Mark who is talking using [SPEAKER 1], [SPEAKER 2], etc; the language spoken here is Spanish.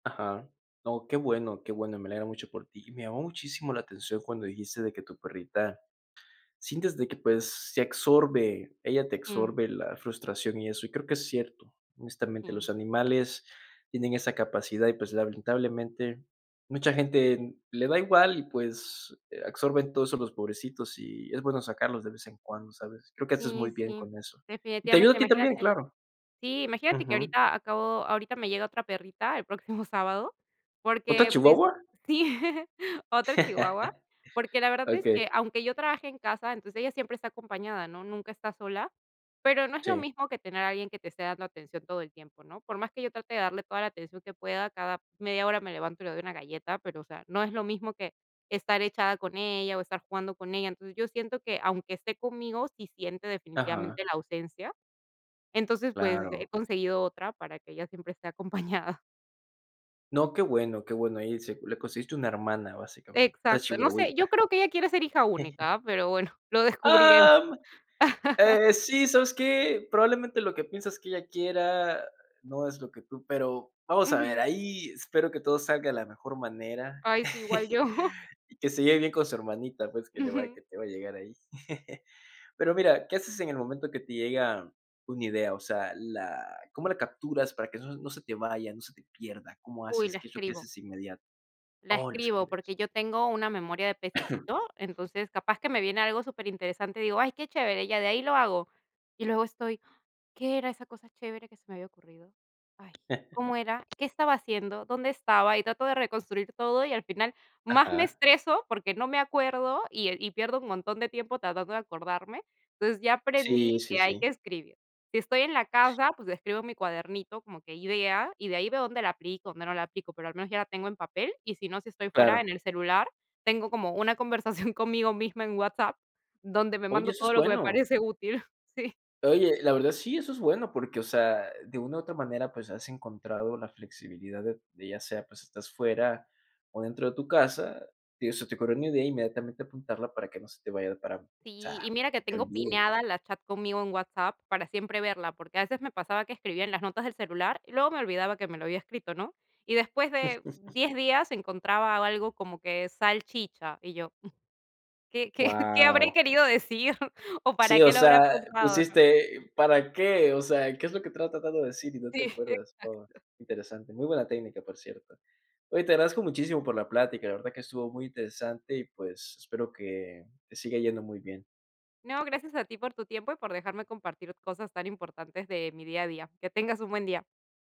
[SPEAKER 1] Ajá, no, qué bueno, qué bueno, me alegra mucho por ti. Y, me llamó muchísimo la atención, cuando dijiste de que tu perrita, sientes de que, pues, se absorbe, ella te
[SPEAKER 2] Sí.
[SPEAKER 1] absorbe la frustración y eso, y creo que es cierto. Honestamente,
[SPEAKER 2] Sí.
[SPEAKER 1] los animales tienen esa capacidad y, pues, lamentablemente mucha gente, mm, le da igual, y pues, eh, absorben todo eso los pobrecitos, y es bueno sacarlos de vez en cuando, ¿sabes? Creo que, haces
[SPEAKER 2] Sí,
[SPEAKER 1] muy bien
[SPEAKER 2] sí,
[SPEAKER 1] con eso. Y te ayuda a
[SPEAKER 2] definitivamente,
[SPEAKER 1] ti también,
[SPEAKER 2] imagínate.
[SPEAKER 1] claro.
[SPEAKER 2] Sí, imagínate, que
[SPEAKER 1] Ujú.
[SPEAKER 2] ahorita acabo ahorita me llega otra perrita, el próximo sábado,
[SPEAKER 1] ¿Otra
[SPEAKER 2] porque, pues
[SPEAKER 1] chihuahua?
[SPEAKER 2] sí, otra chihuahua, porque, la verdad es que,
[SPEAKER 1] Okey.
[SPEAKER 2] aunque yo trabaje en casa, entonces, ella siempre está acompañada, ¿no? Nunca está sola, pero, no es lo
[SPEAKER 1] Sí.
[SPEAKER 2] mismo que tener a alguien, que te esté dando atención todo el tiempo, ¿no? Por más que yo trate, de darle toda la atención que pueda, cada media hora me levanto, y le doy una galleta, pero, o sea, no es lo mismo, que estar echada con ella, o estar jugando con ella. Entonces yo siento que, aunque esté conmigo, sí siente
[SPEAKER 1] Ajá.
[SPEAKER 2] definitivamente la ausencia. Entonces, pues,
[SPEAKER 1] Claro.
[SPEAKER 2] eh, conseguido otra, para que ella siempre esté acompañada.
[SPEAKER 1] No, qué bueno qué bueno, ahí, se le conseguiste una hermana, básicamente, otra
[SPEAKER 2] Exacto. No sé, yo
[SPEAKER 1] chihuahuita.
[SPEAKER 2] creo que ella quiere ser hija única, pero, bueno, lo descubriré.
[SPEAKER 1] ¡Am! Eh, sí, ¿sabes qué? Probablemente, lo que piensas que ella quiera, no es lo que tú pero, vamos a ver,
[SPEAKER 2] Ujú.
[SPEAKER 1] ahí espero que todo salga de la mejor manera,
[SPEAKER 2] Ay, sí, igual yo.
[SPEAKER 1] y que se lleve bien con su hermanita, pues, que le va
[SPEAKER 2] Ujú.
[SPEAKER 1] que te va, a llegar ahí. Pero, mira, ¿qué haces en el momento, que te llega una idea? O sea, la ¿cómo la capturas, para que eso no se te vaya, no se te pierda? ¿Cómo
[SPEAKER 2] Uy,
[SPEAKER 1] haces?
[SPEAKER 2] la
[SPEAKER 1] ¿Qué es lo que
[SPEAKER 2] escribo
[SPEAKER 1] haces de inmediato?
[SPEAKER 2] la
[SPEAKER 1] Oh, la
[SPEAKER 2] escribo, porque,
[SPEAKER 1] escribes.
[SPEAKER 2] yo tengo una memoria de pececito. Entonces, capaz que me viene algo superinteresante, y digo: "Ay, qué chévere, ya de ahí lo hago". Y luego estoy: "¿Qué era esa cosa chévere, que se me había ocurrido? Ay, ¿cómo era? ¿Qué estaba haciendo? ¿Dónde estaba?". Y trato de reconstruir todo, y al final más me
[SPEAKER 1] Ajá.
[SPEAKER 2] estreso, porque, no me acuerdo, y, eh, y pierdo un montón de tiempo, tratando de acordarme. Entonces, ya aprendí
[SPEAKER 1] Sí, sí,
[SPEAKER 2] que hay
[SPEAKER 1] sí.
[SPEAKER 2] que escribir. Si estoy en la casa, pues, escribo mi cuadernito como que idea, y de ahí veo dónde la aplico, dónde no la aplico, pero, al menos ya la tengo en papel, y si no, si estoy fuera en
[SPEAKER 1] Claro.
[SPEAKER 2] el celular, tengo como una conversación conmigo misma en WhatsApp, donde me
[SPEAKER 1] Oye,
[SPEAKER 2] mando
[SPEAKER 1] eso
[SPEAKER 2] todo
[SPEAKER 1] es
[SPEAKER 2] lo que me
[SPEAKER 1] bueno.
[SPEAKER 2] parece útil, sí.
[SPEAKER 1] Oye, la verdad sí, eso es bueno, porque, o sea, de una u otra manera, pues, has encontrado la flexibilidad, de de ya sea, pues, estás fuera, o dentro de tu casa, digo, se te ocurrió una idea, inmediatamente apuntarla, para que no se te vaya para o sea,
[SPEAKER 2] Sí, y mira que
[SPEAKER 1] se te
[SPEAKER 2] tengo
[SPEAKER 1] olvide.
[SPEAKER 2] pineada la chat conmigo en WhatsApp, para siempre verla, porque, a veces me pasaba que escribía en las notas del celular, y luego me olvidaba, que me lo había escrito, ¿no? Y después de 10 días, encontraba algo como que salchicha y yo, mm, ¿qué qué qué habré
[SPEAKER 1] Guau.
[SPEAKER 2] querido decir o para
[SPEAKER 1] Sí, o
[SPEAKER 2] qué lo habré
[SPEAKER 1] sea,
[SPEAKER 2] apuntado, ¿no?
[SPEAKER 1] pusiste, ¿para qué? O sea, ¿qué es lo que estás tratando de decir, y no
[SPEAKER 2] Si,
[SPEAKER 1] te
[SPEAKER 2] exacto.
[SPEAKER 1] acuerdas? Oh, interesante, muy buena técnica, por cierto. Oye, te agradezco muchísimo, por la plática, la verdad que estuvo muy interesante, y pues, espero que te siga yendo muy bien.
[SPEAKER 2] No, gracias a ti por tu tiempo, y por dejarme compartir cosas tan importantes, de mi día a día. Que tengas un buen día.